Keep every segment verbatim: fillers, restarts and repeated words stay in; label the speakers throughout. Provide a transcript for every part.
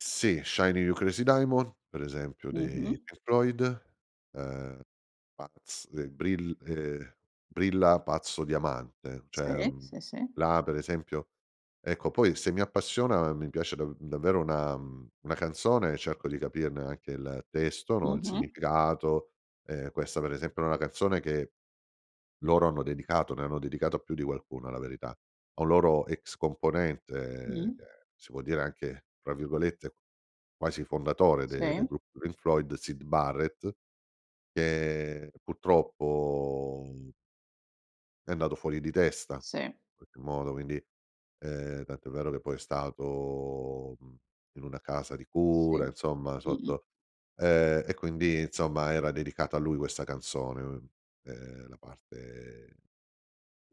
Speaker 1: Sì, Shining You Crazy Diamond, per esempio dei
Speaker 2: Mh-mh.
Speaker 1: Pink Floyd, ehm, pazz de brill ehm, Brilla Pazzo Diamante,
Speaker 2: Sì,
Speaker 1: cioè, mhmm,
Speaker 2: sì, sì.
Speaker 1: là per esempio ecco poi se mi appassiona mi piace da davvero una una canzone e cerco di capirne anche il testo, no, il
Speaker 2: Mh-mh.
Speaker 1: significato. Ehm, questa per esempio è una canzone che loro hanno dedicato, ne hanno dedicato più di qualcuno la verità, a un loro ex componente che
Speaker 2: Mh.
Speaker 1: si può dire anche tra virgolette quasi "fondatore" de del
Speaker 2: Sì.
Speaker 1: gruppo Pink Floyd Syd Barrett, che purtroppo è andato fuori di testa
Speaker 2: Sì.
Speaker 1: in qualche modo, quindi, ehm, tanto è vero che poi è stato, mhmm, in una casa di cura
Speaker 2: Sì,
Speaker 1: insomma,
Speaker 2: mh-mh.
Speaker 1: sotto ehm, e quindi insomma era dedicata a lui questa canzone, ehm la parte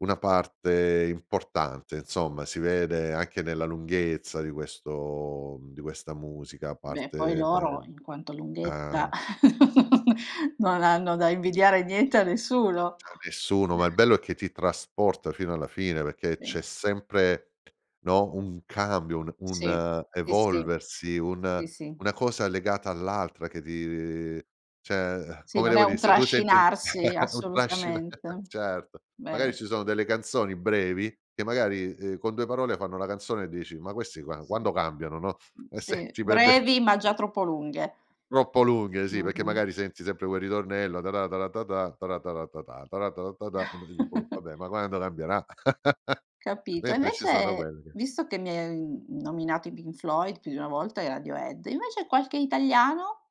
Speaker 1: una parte importante insomma. Si vede anche nella lunghezza di questo di questa musica a
Speaker 2: Beh poi
Speaker 1: parte
Speaker 2: loro
Speaker 1: ehm,
Speaker 2: in quanto lunghezza
Speaker 1: eh.
Speaker 2: non hanno da invidiare niente a nessuno.
Speaker 1: Cioè a nessuno, ma il bello è che ti trasporta fino alla fine perché
Speaker 2: Sì.
Speaker 1: c'è sempre, no, un cambio, un
Speaker 2: Sì.
Speaker 1: un
Speaker 2: Sì, sì.
Speaker 1: evolversi, un
Speaker 2: Sì sì.
Speaker 1: una cosa legata all'altra che ti cioè,
Speaker 2: Sì,
Speaker 1: come
Speaker 2: non è
Speaker 1: devo dire,
Speaker 2: un
Speaker 1: se tu senti
Speaker 2: trascinarsi,
Speaker 1: un fascino,
Speaker 2: assolutamente.
Speaker 1: certo, magari
Speaker 2: Vero.
Speaker 1: ci sono delle canzoni brevi che magari, ehm, con due parole fanno la canzone e dici: "Ma questi qua
Speaker 2: Sì.
Speaker 1: quando cambiano no?"
Speaker 2: Mh
Speaker 1: E se
Speaker 2: sì.
Speaker 1: ci perde
Speaker 2: Brevi ma già
Speaker 1: sì.
Speaker 2: troppo lunghe.
Speaker 1: Troppo lunghe sì, perché
Speaker 2: Mh-mh.
Speaker 1: magari senti sempre quel ritornello tara tara tatà, tara tara tatà, tara tara tatà vabbè, ma quando cambierà?
Speaker 2: Capito e
Speaker 1: Mentre ci sono
Speaker 2: invece,
Speaker 1: quelle che
Speaker 2: visto che mi hai nominato i Pink Floyd più di una volta e i Radiohead, invece qualche italiano?